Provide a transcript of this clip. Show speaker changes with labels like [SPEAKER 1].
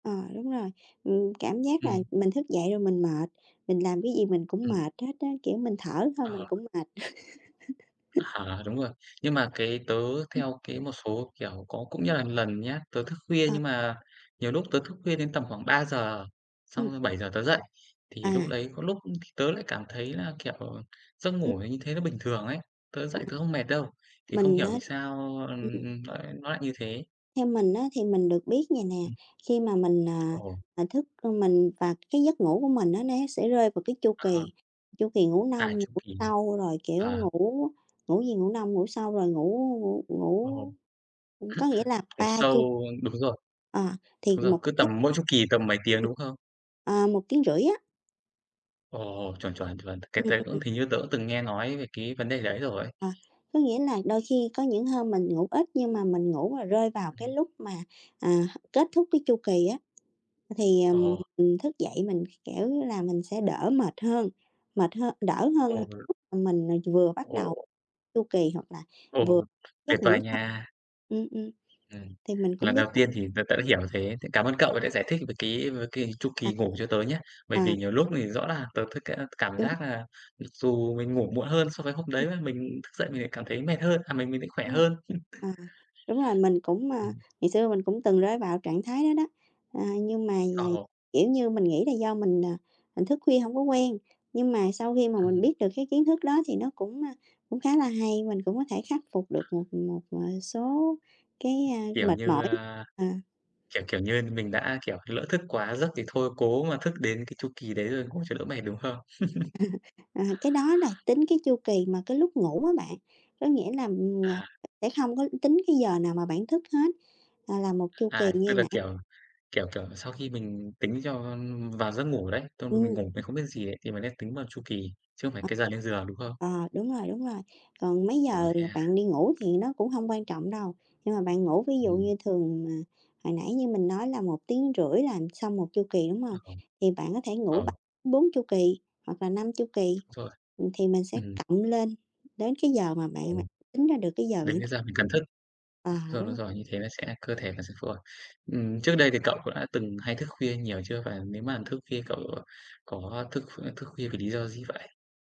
[SPEAKER 1] Ờ, đúng rồi, ừm, cảm giác là
[SPEAKER 2] Ừm.
[SPEAKER 1] mình thức dậy rồi mình mệt, mình làm cái gì mình cũng
[SPEAKER 2] Ừm.
[SPEAKER 1] mệt hết á, kiểu, mình thở thôi mình
[SPEAKER 2] Ờ.
[SPEAKER 1] cũng mệt.
[SPEAKER 2] À, đúng rồi. Nhưng mà cái tớ
[SPEAKER 1] Ừm.
[SPEAKER 2] theo cái một số, kiểu, có cũng như là lần nhá, tớ thức khuya
[SPEAKER 1] Ờ.
[SPEAKER 2] nhưng mà nhiều lúc tớ thức khuya đến tầm khoảng 3:00,
[SPEAKER 1] Ừm.
[SPEAKER 2] xong rồi 7:00 tớ dậy.
[SPEAKER 1] À.
[SPEAKER 2] Thì lúc đấy có lúc thì tớ lại cảm thấy là, kiểu, giấc
[SPEAKER 1] Ừm.
[SPEAKER 2] ngủ nó như thế nó bình thường ấy, tớ dậy tớ không mệt đâu, thì không
[SPEAKER 1] Mình
[SPEAKER 2] hiểu
[SPEAKER 1] á
[SPEAKER 2] vì sao, ưm,
[SPEAKER 1] ừm.
[SPEAKER 2] nó lại nó lại như thế?
[SPEAKER 1] Theo mình á, thì mình được biết vầy nè,
[SPEAKER 2] Ừm.
[SPEAKER 1] khi mà mình, à,
[SPEAKER 2] Ồ.
[SPEAKER 1] mà thức ừm, mình và cái giấc ngủ của mình nó né sẽ rơi vào cái chu
[SPEAKER 2] À
[SPEAKER 1] kỳ,
[SPEAKER 2] ha.
[SPEAKER 1] chu kỳ ngủ
[SPEAKER 2] À,
[SPEAKER 1] nông, ngủ
[SPEAKER 2] chu kỳ.
[SPEAKER 1] sâu rồi, kiểu,
[SPEAKER 2] Ờ.
[SPEAKER 1] ngủ ngủ gì? Ngủ nông, ngủ sâu rồi ngủ ngủ
[SPEAKER 2] Ồ.
[SPEAKER 1] ngủ, ừm, có nghĩa là
[SPEAKER 2] Ngủ
[SPEAKER 1] 3
[SPEAKER 2] sâu,
[SPEAKER 1] chu
[SPEAKER 2] đúng rồi.
[SPEAKER 1] Ờ, thì
[SPEAKER 2] Đúng rồi,
[SPEAKER 1] 1
[SPEAKER 2] cứ
[SPEAKER 1] giấc
[SPEAKER 2] tầm mỗi chú kỳ tầm mấy tiếng,
[SPEAKER 1] Ừm.
[SPEAKER 2] đúng không?
[SPEAKER 1] À, 1 tiếng rưỡi á.
[SPEAKER 2] Ồ, chuẩn, chuẩn, chuẩn. Cái
[SPEAKER 1] Ừm,
[SPEAKER 2] đấy cũng
[SPEAKER 1] ừm.
[SPEAKER 2] hình như tớ cũng từng nghe nói về cái vấn đề đấy rồi.
[SPEAKER 1] À, có nghĩa là đôi khi có những hôm mình ngủ ít, nhưng mà mình ngủ mà rơi vào cái
[SPEAKER 2] Ừm.
[SPEAKER 1] lúc mà, à, h kết thúc cái chu kỳ á thì, ừm,
[SPEAKER 2] Ồ.
[SPEAKER 1] ừm, thức dậy mình, kiểu như là, mình sẽ đỡ mệt hơn, mệt hơn đỡ hơn là
[SPEAKER 2] Ồ.
[SPEAKER 1] lúc mà mình, à, vừa bắt đầu
[SPEAKER 2] Ồ.
[SPEAKER 1] chu kỳ hoặc là vừa
[SPEAKER 2] Ồ, tuyệt
[SPEAKER 1] giấc ngủ
[SPEAKER 2] vời
[SPEAKER 1] sâu.
[SPEAKER 2] nha.
[SPEAKER 1] Ừm, ừm,
[SPEAKER 2] Ừm,
[SPEAKER 1] thì mình cũng
[SPEAKER 2] lần
[SPEAKER 1] biết
[SPEAKER 2] đầu tiên thì tớ tớ hiểu thế, cảm ơn cậu vì đã giải thích về cái về cái chu
[SPEAKER 1] À.
[SPEAKER 2] kỳ ngủ cho tớ nhá. Bởi
[SPEAKER 1] À.
[SPEAKER 2] vì nhiều lúc thì rõ là tớ th ca cảm
[SPEAKER 1] Đúng.
[SPEAKER 2] giác là mặc dù mình ngủ muộn hơn so với hôm
[SPEAKER 1] Ừm.
[SPEAKER 2] đấy mà mình thức dậy mình lại cảm thấy mệt hơn à, mình mình thấy khỏe
[SPEAKER 1] Đúng rồi,
[SPEAKER 2] hơn.
[SPEAKER 1] à, đúng rồi, mình cũng, à,
[SPEAKER 2] Ừm.
[SPEAKER 1] ngày xưa mình cũng từng rơi vào trạng thái đó đó. Ờ, nhưng mà vầy,
[SPEAKER 2] Ồ.
[SPEAKER 1] kiểu như, mình nghĩ là do mình, à, mình thức khuya hông có quen, nhưng mà sau khi mà mình
[SPEAKER 2] Ừm.
[SPEAKER 1] biết được cái kiến thức đó thì nó cũng, a, cũng khá là hay, mình cũng có thể khắc phục được một, ừm, một, à, số cái, a,
[SPEAKER 2] Kiểu
[SPEAKER 1] mệt
[SPEAKER 2] như,
[SPEAKER 1] mỏi.
[SPEAKER 2] a,
[SPEAKER 1] À.
[SPEAKER 2] kiểu, kiểu như, mình đã, kiểu, lỡ thức quá giấc thì thôi cố mà thức đến cái chu kỳ đấy rồi ngủ cho đỡ mệt, đúng không?
[SPEAKER 1] À, cái đó là tính cái chu kỳ mà cái lúc ngủ á bạn, có nghĩa là, ừm, ng
[SPEAKER 2] À.
[SPEAKER 1] sẽ không có tính cái giờ nào mà bạn thức hết, à, là 1 chu kỳ
[SPEAKER 2] À, tức
[SPEAKER 1] như
[SPEAKER 2] là,
[SPEAKER 1] nãy.
[SPEAKER 2] kiểu, kiểu, kiểu, sau khi mình tính cho, ưm, vào giấc ngủ đấy, xong rồi
[SPEAKER 1] Ừm,
[SPEAKER 2] mình ngủ
[SPEAKER 1] ừm.
[SPEAKER 2] mình không biết gì ấy, thì mình sẽ tính vào chu kỳ, chứ không phải
[SPEAKER 1] Ờ.
[SPEAKER 2] cái giờ lên giường, đúng không?
[SPEAKER 1] Ờ, đúng rồi, đúng rồi, còn mấy
[SPEAKER 2] Ồ,
[SPEAKER 1] giờ
[SPEAKER 2] thế
[SPEAKER 1] là
[SPEAKER 2] à.
[SPEAKER 1] bạn đi ngủ thì nó cũng hông quan trọng đâu, nhưng mà bạn ngủ ví dụ
[SPEAKER 2] Ừm.
[SPEAKER 1] như thường, à, hồi nãy như mình nói là 1 tiếng rưỡi là xong 1 chu kỳ, đúng
[SPEAKER 2] À,
[SPEAKER 1] hông?
[SPEAKER 2] ồ.
[SPEAKER 1] Thì bạn có thể ngủ
[SPEAKER 2] Ờ.
[SPEAKER 1] 3-4 chu kỳ hoặc là 5 chu kỳ,
[SPEAKER 2] Rồi.
[SPEAKER 1] ừm, thì mình sẽ
[SPEAKER 2] Ừm.
[SPEAKER 1] cộng lên đến cái giờ mà bạn bạn
[SPEAKER 2] Ồ.
[SPEAKER 1] tính ra được cái giờ bạn
[SPEAKER 2] Đến cái giờ mình cần thức,
[SPEAKER 1] À,
[SPEAKER 2] do nó
[SPEAKER 1] đúng.
[SPEAKER 2] giỏi như thế nó sẽ cơ thể mình sẽ phù hợp. Ừm, trước đây thì cậu cũng đã từng hay thức khuya nhiều chưa? Và nếu mà thức khuya cậu có thức kh thức khuya về lý do gì vậy?